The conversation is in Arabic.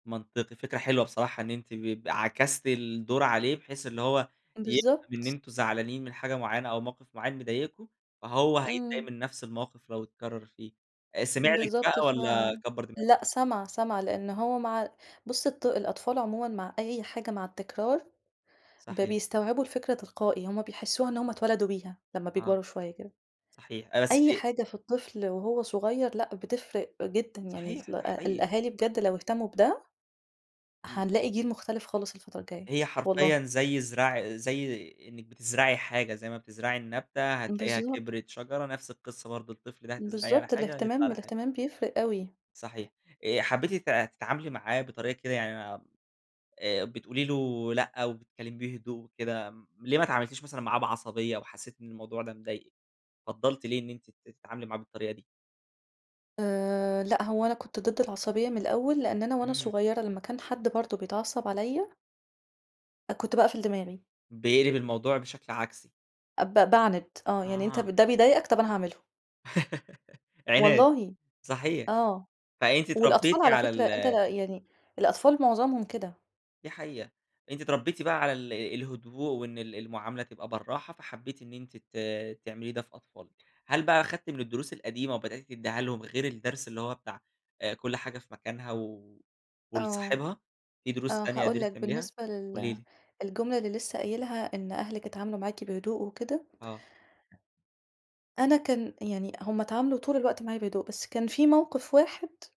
منطقي فكرة حلوة بصراحة إن أنتِ ب عكستِ الدور عليه، بحيث إن هو يفهم إن بالضبط. أنتم زعلانين من حاجة معيّنة أو موقف معيّن مضايقكوا فهو هيتضايق امم. من نفس الموقف لو اتكرر فيه، آآ، سمع لِك بالضبط بقى ف والّا كبر دماغه؟ لأ، سَمع سَمع لأنه هو مع بص الط الأطفال عمومًا مع أي حاجة مع التكرار، ب صحيح. بيستوعبوا الفكرة تلقائي، هم بيحسوها إن هم اتولدوا بيها لما آه. بيكبروا شوية كده، صحيح، آآ، بس أي دي حاجة في الطفل وهو صغير، لا، بتفرق جدًا يعني صحيح، ال ده حقيقي. الأهالي بجد لو اهتموا بده، امم. هنلاقي جيل مختلف خالص الفترة الجاية هي حرفيًا والله. زي زرع زي إنّك بتزرعي حاجة، زي ما بتزرعي النبتة هتلاقيها بالضبط. كبرت شجرة، نفس القصّة برضو الطفل ده هتزرعيه على بالضبط، حاجة يطلع الاهتمام على حاجة. الاهتمام بيفرق أوي. صحيح آآ حبيتِ ت تتعاملي معاه بطريقة كده يعني آآ بتقولي له لأ، وبتكلميه بهدوء وكده م ليه ما اتعاملتيش مثلًا معاه بعصبية وحسّيت إن الموضوع ده مضايقِك، فضلتِ ليه إن أنتِ ت تتعاملي معاه بالطريقة دي؟ آآ لأ، هو أنا كنت ضد العصبية من الأول لأن أنا وأنا امم. صغيرة لما كان حد برضه بيتعصب عليا أ كنت باقفل دماغي. بيقلب الموضوع بشكل عكسي. أب باعند، آه، يعني أنت ب آه. ده بيضايقك، طب أنا هاعمله. عناد، والله صحيح. آه، فأنتِ والأطفال اتربيتِ على على ال فكرة أنت يعني الأطفال معظمهم كده. دي حقيقة أنتِ اتربيتِ بقى على ال الهدوء وإن ال المعاملة تبقى بالراحة فحبيتِ إن أنت ت تعملي ده في أطفالِك، هل بقى أخدتِ من الدروس القديمة وبدأت تديها لهم غير الدرس اللي هو بتاع آآ، كل حاجة في مكانها و آه، ولصاحبها، في دروس آه تانية هاقول قدرتِ لك تعمليها؟ بالنسبة قولي لل لي. الجملة اللي لسه قايلها، إن أهلِك اتعاملوا معاكِ بهدوء وكده آه. أنا كان يعني هم اتعاملوا طول الوقت معايا بهدوء، بس كان في موقف واحد